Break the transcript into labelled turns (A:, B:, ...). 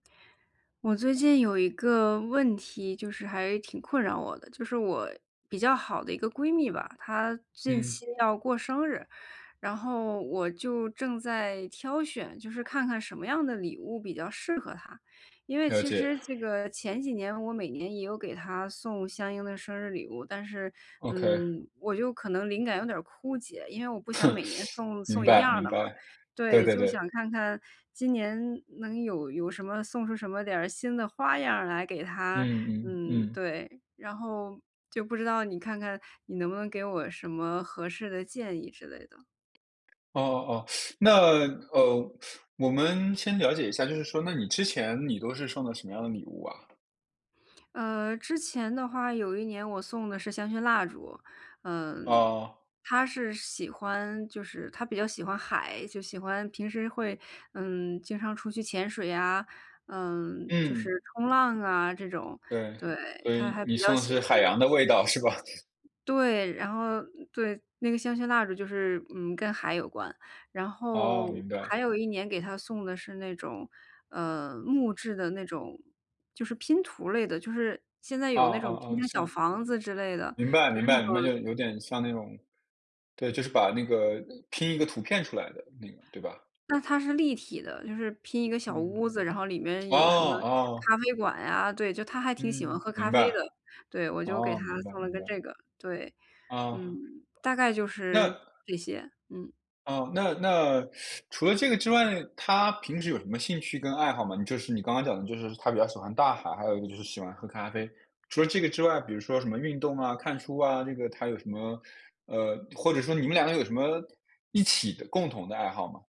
A: 我最近有一个问题，就是还挺困扰我的，就是我比较好的一个闺蜜吧，她近
B: 嗯。
A: 期要过生日。然后我就正在挑选，就是看看什么样的礼物比较适合她。因为
B: 了
A: 其
B: 解。
A: 实这个前几年我每年也有给她送相应的生日礼物，但是，
B: OK。
A: 嗯，我就可能灵感有点儿枯竭，因为我不想每年 送
B: 明
A: 送一
B: 白，
A: 样
B: 明
A: 的嘛。
B: 白，对
A: 对，
B: 对
A: 就
B: 对。
A: 想看看今年能有有什么送出什么点儿新的花样儿来给她。
B: 嗯，嗯，
A: 嗯，
B: 嗯。
A: 对，然后就不知道，你看看你能不能给我什么合适的建议之类的？
B: 哦哦哦，那，呃，我们先了解一下，就是说，那你之前，你都是送的什么样的礼物啊？
A: 呃，之前的话有一年我送的是香薰蜡烛。嗯，
B: 哦。
A: 她是喜欢就是她比较喜欢海，就喜欢平时会，嗯，经常出去潜水呀，呃，就是
B: 嗯，
A: 冲浪啊这种，
B: 对，
A: 对，
B: 所
A: 她
B: 以
A: 还
B: 你
A: 比较
B: 送的
A: 喜
B: 是
A: 欢
B: 海洋的味道，是吧？
A: 对，然后对，那个香薰蜡烛就是，嗯，跟海有关。然
B: 哦，
A: 后
B: 明
A: 还
B: 白。
A: 有一年给她送的是那种，呃，木质的那种就是拼图类的，就是现在
B: 哦，
A: 有那种拼
B: 哦，哦，
A: 成
B: 是。
A: 小房子之类的，
B: 明白明白明
A: 就
B: 白，
A: 是那种
B: 就有点像那种对，就是把那个拼一个图片出来的那个，对吧？
A: 那它是立体的，就是拼一个小
B: 嗯，
A: 屋子，然后里面
B: 哦，
A: 有什么
B: 哦。
A: 咖啡馆呀，对，就她还挺喜欢
B: 嗯，
A: 喝咖
B: 明
A: 啡的。
B: 白。
A: 对，我就给
B: 哦，
A: 她
B: 明白，
A: 送了
B: 明
A: 个
B: 白。
A: 这个。对，
B: 哦。
A: 嗯，大概就
B: 那
A: 是这些，嗯。
B: 哦，那那 除了这个之外，她平时有什么兴趣跟爱好吗？你就是你刚刚讲的就是她比较喜欢大海，还有一个就是喜欢喝咖啡。除了这个之外，比如说什么运动啊、看书啊，这个她有什么呃，或者说你们两个有什么一起的共同的爱好吗？